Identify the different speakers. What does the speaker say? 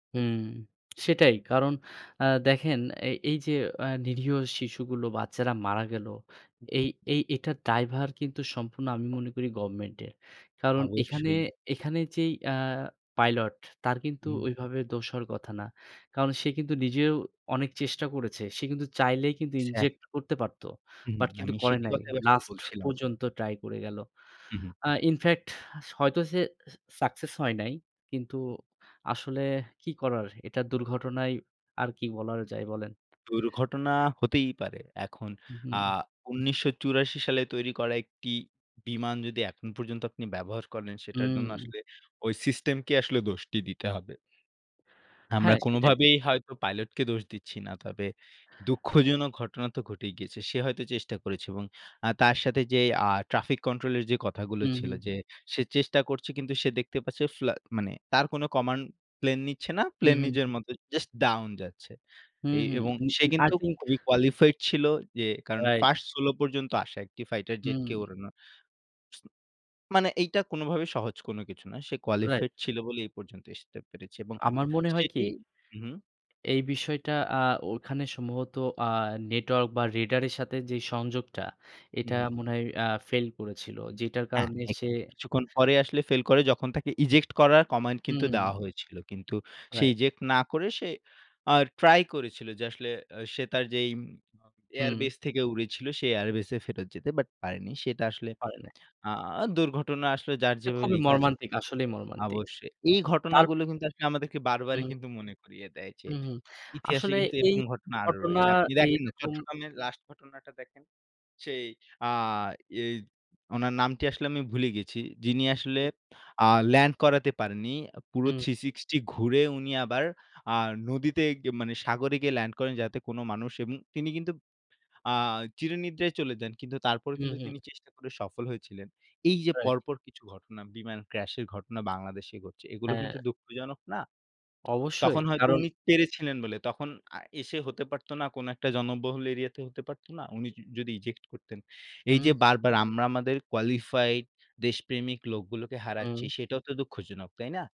Speaker 1: হুম, সেটাই কারণ আ দেখেন এ এই যে আ নিরীহ শিশুগুলো বাচ্চারা মারা গেল। এই, এই এটার দ্বায়ভার কিন্তু সম্পূর্ণ আমি মনে করি গভর্নমেন্টের। কারণ এখানে,
Speaker 2: অবশ্যই।
Speaker 1: এখানে, যেই আ পাইলট তার কিন্তু
Speaker 2: হুম।
Speaker 1: ওইভাবে দোষ হওয়ার কথা না। কারণ সে কিন্তু নিজেও অনেক চেষ্টা করেছে। সে কিন্তু চাইলে কিন্তু
Speaker 2: স্যা
Speaker 1: ইনজেক্ট করতে পারতো।
Speaker 2: হু, হু,
Speaker 1: বাট কিন্তু
Speaker 2: আমি
Speaker 1: করে
Speaker 2: সেটির
Speaker 1: নাই।
Speaker 2: কথাই আসলে
Speaker 1: লাস্ট
Speaker 2: বলছিলাম।
Speaker 1: পর্যন্ত ট্রাই করে গেল।
Speaker 2: হু, হু।
Speaker 1: আ ইনফেক্ট হয়তো সে সাকসেস হয় নাই। কিন্তু আসলে কি করার এটা দুর্ঘটনাই আর কি বলার যায় বলেন?
Speaker 2: দুর্ঘটনা হতেই পারে। এখন
Speaker 1: হু,
Speaker 2: আ
Speaker 1: হুম।
Speaker 2: ১৯৮৪ সালে তৈরি করা একটি বিমান যদি এখন পর্যন্ত আপনি ব্যবহার করেন সেটার জন্য
Speaker 1: হুম।
Speaker 2: আসলে ওই সিস্টেমকে আসলে দোষটি দিতে হবে। আমরা
Speaker 1: হ্যাঁ সেটাই।
Speaker 2: কোনোভাবেই হয়তো পাইলটকে দোষ দিচ্ছি না। তবে দুঃখজনক ঘটনা তো ঘটেই গিয়েছে। সে হয়তো চেষ্টা করেছে। এবং আ তার সাথে যেই আ ট্রাফিক কন্ট্রোল এর যে কথাগুলো
Speaker 1: হু,
Speaker 2: ছিল
Speaker 1: হু।
Speaker 2: যে, সে চেষ্টা করছে কিন্তু সে দেখতে পাচ্ছে ফ্লা মানে তার কোনো কমান্ড প্লেন নিচ্ছে না।
Speaker 1: হু,
Speaker 2: প্লেন
Speaker 1: হু,
Speaker 2: নিজের
Speaker 1: হু।
Speaker 2: মতো জাস্ট ডাউন যাচ্ছে। এ
Speaker 1: হুম, হুম,
Speaker 2: এবং
Speaker 1: উ
Speaker 2: সে
Speaker 1: এন আই
Speaker 2: কিন্তু
Speaker 1: থিংক
Speaker 2: খুবই কোয়ালিফাইড ছিল যে কারণ
Speaker 1: রাইট।
Speaker 2: ফার্স্ট সোলো পর্যন্ত আসা একটি ফাইটার
Speaker 1: হুম।
Speaker 2: জেটকে ওড়ানো মানে এইটা কোনোভাবে সহজ কোন কিছু না। সে
Speaker 1: রাইট।
Speaker 2: কোয়ালিফাইড ছিল বলেই এই পর্যন্ত আসতে পেরেছি এবং
Speaker 1: আমার মনে হয় কি
Speaker 2: সেটি হু, হু।
Speaker 1: এই বিষয়টা আ ওখানে সম্ভবত আ নেটওয়ার্ক বা রেডারের সাথে যেই সংযোগটা
Speaker 2: হু,
Speaker 1: এটা
Speaker 2: হু।
Speaker 1: মনে হয় আ ফেইল করেছিল। যেটার
Speaker 2: হ্যাঁ,
Speaker 1: কারণে
Speaker 2: এক
Speaker 1: সে
Speaker 2: কিছুক্ষণ পরে আসলে ফেইল করে যখন তাকে ইজেক্ট করার কমান্ড কিন্তু
Speaker 1: হুম।
Speaker 2: দেওয়া হয়েছিল। কিন্তু সে
Speaker 1: রাইট
Speaker 2: ইজেক্ট না করে সে আ ট্রাই করেছিল যে আসলে আ সে তার যেইম
Speaker 1: হুম।
Speaker 2: এয়ারবেস থেকে উড়েছিল সে এয়ারবেস ফেরত যেতে বাট পারেনি। সেটা আসলে
Speaker 1: পারে নাই।
Speaker 2: আ দুর্ঘটনা আসলো যার
Speaker 1: এটা
Speaker 2: যেভাবে
Speaker 1: খুবই
Speaker 2: লিখা আছে
Speaker 1: মর্মান্তিক। আসলেই মর্মান্তিক।
Speaker 2: অবশ্যই। এই
Speaker 1: তার
Speaker 2: ঘটনাগুলো কিন্তু আসলে আমাদেরকে বারবারই
Speaker 1: হুম।
Speaker 2: মনে করিয়ে দেয় যে
Speaker 1: হুম, হ।
Speaker 2: ইতিহাসে
Speaker 1: আসলে
Speaker 2: কিন্তু
Speaker 1: এই
Speaker 2: এরকম ঘটনা আরো
Speaker 1: ঘটনা
Speaker 2: রয়েছে। আপনি দেখেন না
Speaker 1: এইরকম
Speaker 2: চট্টগ্রামের লাস্ট ঘটনাটা দেখেন, সেই আ এই উনার নামটি আসলে আমি ভুলে গেছি। যিনি আসলে আ ল্যান্ড করাতে পারেননি। পুরো
Speaker 1: হুম।
Speaker 2: 360 ঘুরে উনি আবার আ নদীতে গি আ মানে সাগরে গিয়ে ল্যান্ড করেন যাতে কোনো মানুষ এবং তিনি কিন্তু আ চিরনিদ্রায় চলে যান। কিন্তু তারপর
Speaker 1: হু,
Speaker 2: কিন্তু তিনি
Speaker 1: হু।
Speaker 2: চেষ্টা করে সফল হয়েছিলেন। এই যে
Speaker 1: রাইট।
Speaker 2: পরপর কিছু ঘটনা বিমান ক্রাশ এর ঘটনা বাংলাদেশে ঘটছে, এগুলো কিন্তু
Speaker 1: হ্যাঁ।
Speaker 2: দুঃখজনক না?
Speaker 1: অবশ্যই,
Speaker 2: তখন হয়তো
Speaker 1: কারণ
Speaker 2: উনি পেরেছিলেন বলে। তখন আ এসে হতে পারতো না, কোনো একটা জনবহুল এরিয়া তে হতে পারত না? উনি য যদি ইজেক্ট করতেন। এই যে
Speaker 1: হুম।
Speaker 2: বারবার আমরা আমাদের কোয়ালিফাইড দেশপ্রেমিক লোকগুলোকে
Speaker 1: হুম।
Speaker 2: হারাচ্ছি সেটাও তো দুঃখজনক। তাই না?